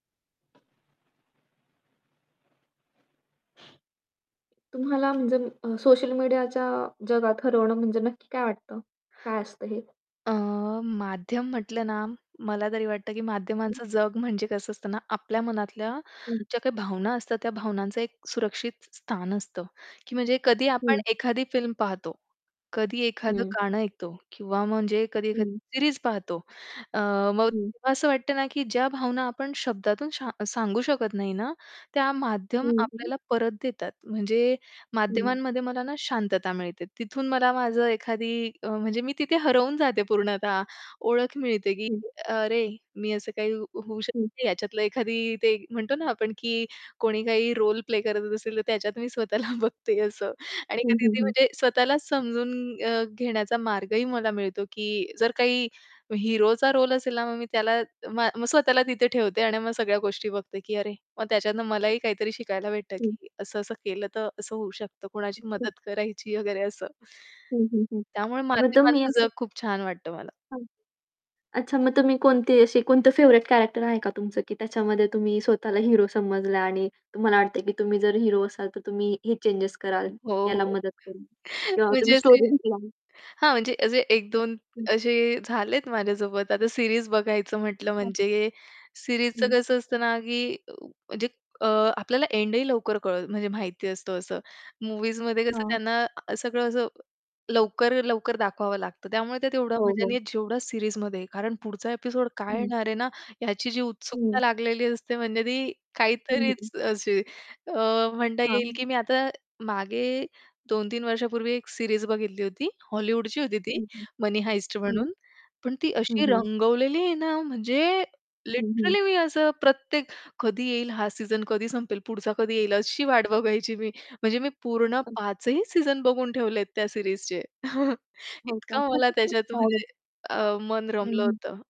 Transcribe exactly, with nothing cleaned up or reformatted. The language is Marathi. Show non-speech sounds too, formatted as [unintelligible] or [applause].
तुम्हाला म्हणजे अम अ, सोशल मीडियाच्या जगात हरवणं म्हणजे नक्की काय वाटतं? काय असतं हे? अ, माध्यम म्हटलं ना, मला तरी वाटतं, की हं. माध्यमांचं जग म्हणजे कसं असतं ना, आपल्या मनातल्या हं. ज्या काही भावना असतात, त्या भावनांचं एक सुरक्षित स्थान असतं, की म्हणजे कधी आपण हं. एखादी फिल्म पाहतो. कधी एखादं हं. गाणं ऐकतो, किंवा म्हणजे कधी एखादी हं. सीरीज पाहतो. अ, मग हं. तेव्हा असं वाटतं ना, की ज्या भावना आपण शब्दातून शा सांगू शकत नाही ना, त्या माध्यमं हं, हं. आपल्याला परत देतात. म्हणजे हं. माध्यमांमध्ये मला ना, शांतता मिळते, तिथून मला माझं एखादी अ, म्हणजे मी तिथे हरवून जाते पूर्णतः. ओळख मिळते, की हं. अरे, मी असं काही होऊ हं. शकते, याच्यातलं एखादी ते म्हणतो ना, आपण की कोणी काही रोल प्ले करत असेल तर त्याच्यात मी स्वतःला बघते असं. आणि हं, हं, कधी-कधी हं. म्हणजे स्वतःलाच समजून अ, घेण्याचा मार्गही मला मिळतो, की जर काही हिरोचा रोल असेल ना, मग मी त्याला मग मग स्वतःला तिथे ठेवते आणि मग सगळ्या गोष्टी बघते, की अरे. मग त्याच्यातनं मलाही काहीतरी शिकायला भेटतं, हं. की असं-असं केलं तर असं होऊ शकतं, कोणाची ओके. मदत करायची वगैरे असं. हं, हं, हं. त्यामुळे मग तुम्ही माध्यमांचं असं जग खूप छान वाटतं मला. हां, अच्छा मग तुम्ही कोणती अशी कोणतं फेव्हरेट कॅरेक्टर आहे का तुमचं, की त्याच्यामध्ये तुम्ही स्वतःला हेरो समजला आणि तुम्हाला वाटतं आहे, की तुम्ही जर हेरो असाल, तर तुम्ही हे चेंजस कराल. हो, याला हो. मदत करीन. [chuckles] किंवा तुम्ही म्हणजे असे स्टोरी विकला. हां, म्हणजे असे एक दोन हं. असे झालेत माझ्यासोबत. आता सीरीज बघायचं म्हटलं हां. म्हणजे सीरीजचं हं. कसं असतं ना, की म्हणजे अ, आपल्याला एंडही लवकर कळत म्हणजे माहिती असतं असं. मूव्हीजमध्ये कसं हां. त्यांना सगळं असं लवकर-लवकर दाखवावं लागतं. त्यामुळे त्यात तेवढा हो, मजा हो. नाही जेवढी सीरीजमध्ये. कारण पुढचा ॲपिसोड काय हं. येणार आहे ना, याची जी उत्सुकता हं. लागलेली असते, म्हणजे ती हं, हं. काहीतरीच अशी अ, म्हणता येईल हां. की मी आता मागे दोन तीन वर्षांपूर्वी एक सीरीज बघितली होती. हॉलीवूडची होती ती, हं, हं. "मनी हाइस्ट" हं. म्हणून. पण ती हं, अशी हं. रंगवलेली आहे ना, म्हणजे हं, हं. लिटरली मी असं प्रत्येक, कधी येईल हा सीझन, कधी संपेल, पुढचा कधी येईल अशी वाट बघायची मी. म्हणजे मी पूर्ण पाच ही सीझन बघून ठेवलेत त्या सीरीजचे [chuckles] हो इतकं मला का? त्याच्यात [chuckles] [unintelligible] म्हणजे अ, मन हं, रमलं हं. होतं.